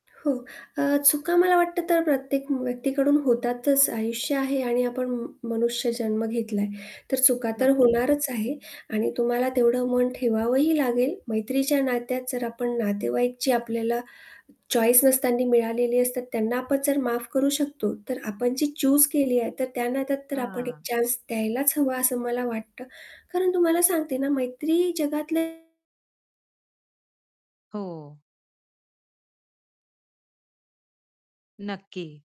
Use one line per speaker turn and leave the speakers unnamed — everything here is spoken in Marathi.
हो. अ, चुका मला वाटतं तर प्रत्येक व्यक्तीकडून होतातच, आयुष्य आहे आणि आपण म मनुष्य जन्म घेतला तर चुका तर
नक्की.
होणारच आहे आणि तुम्हाला तेवढं मन ठेवावंही लागेल. मैत्रीच्या नात्यात जर आपण नातेवाईक जी आपल्याला चॉईस नसताना मिळालेली असतात, त्यांना आपण जर माफ करू शकतो. तर आपण जी चूज केली आहे तर त्या नात्यात तर आपण एक
हां.
चान्स द्यायलाच हवा असं मला वाटतं. कारण तुम्हाला सांगते ना, मैत्री जगातलं
हो. नक्की.